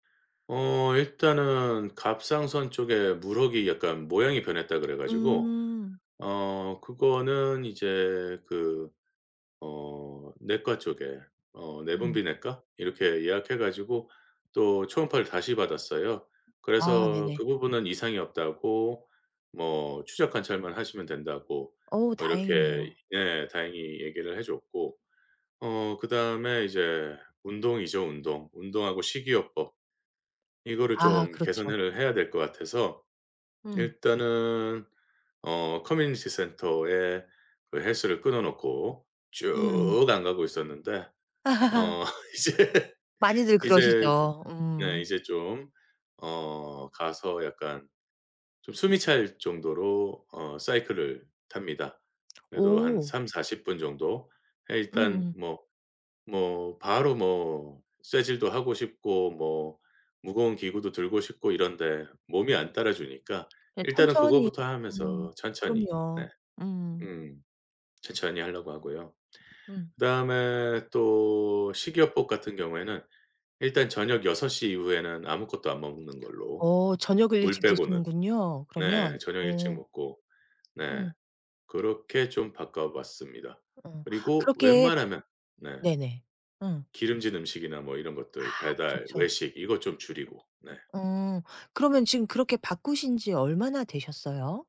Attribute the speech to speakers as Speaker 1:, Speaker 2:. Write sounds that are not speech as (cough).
Speaker 1: 어 일단은 '갑상선 쪽에 물혹이 약간 모양이 변했다.' 그래 가지고
Speaker 2: 음.
Speaker 1: 어 그거는 이제 그 어 내과 쪽에 어
Speaker 2: 음.
Speaker 1: 내분비내과 이렇게 예약해 가지고 또 초음파를 다시 받았어요.
Speaker 2: 아.
Speaker 1: 그래서
Speaker 2: 네네.
Speaker 1: 그 부분은 이상이 없다고 뭐 추적 관찰만 하시면 된다고
Speaker 2: 어우
Speaker 1: 뭐 이렇게
Speaker 2: 다행이네요.
Speaker 1: 예. 다행히 얘기를 해 줬고 어 그다음에 이제 운동이죠 운동. 운동하고 식이요법. 이거를
Speaker 2: 아
Speaker 1: 좀
Speaker 2: 그렇죠.
Speaker 1: 개선을 해야 될 것 같아서
Speaker 2: 음.
Speaker 1: 일단은 어 커뮤니티 센터에 그 헬스를 끊어 놓고 쭉
Speaker 2: 음음.
Speaker 1: 안 가고 있었는데
Speaker 2: (laughs)
Speaker 1: 어 이제
Speaker 2: 많이들
Speaker 1: 이제 저
Speaker 2: 그러시죠.
Speaker 1: 네
Speaker 2: 음.
Speaker 1: 이제 좀 어 가서 약간 좀 숨이 찰 정도로 어 사이클을 탑니다. 그래도 한
Speaker 2: 오.
Speaker 1: 30-40 분 정도. 예 일단
Speaker 2: 음음.
Speaker 1: 뭐 뭐 바로 뭐 쇠질도 하고 싶고 뭐 무거운 기구도 들고 싶고 이런데 몸이 안 따라 주니까
Speaker 2: 네
Speaker 1: 일단은
Speaker 2: 천천히
Speaker 1: 그거부터 하면서
Speaker 2: 음.
Speaker 1: 천천히
Speaker 2: 그럼요.
Speaker 1: 네.
Speaker 2: 음.
Speaker 1: 음 천천히 하려고 하고요.
Speaker 2: 음.
Speaker 1: 그다음에 또 식이요법 같은 경우에는 일단 저녁 6 시 이후에는 아무것도 안 먹는 걸로
Speaker 2: 어 저녁을
Speaker 1: 물
Speaker 2: 일찍
Speaker 1: 빼고는.
Speaker 2: 드시는군요
Speaker 1: 네
Speaker 2: 그러면.
Speaker 1: 저녁 일찍
Speaker 2: 어.
Speaker 1: 먹고 네
Speaker 2: 음.
Speaker 1: 그렇게 좀 바꿔봤습니다.
Speaker 2: 음.
Speaker 1: 그리고
Speaker 2: 그렇게
Speaker 1: 웬만하면 네.
Speaker 2: 네네. 음.
Speaker 1: 기름진 음식이나 뭐 이런
Speaker 2: 아
Speaker 1: 것들 배달,
Speaker 2: 그렇죠.
Speaker 1: 외식 이것 좀 줄이고. 네.
Speaker 2: 어. 그러면 지금 그렇게 바꾸신지 얼마나 되셨어요?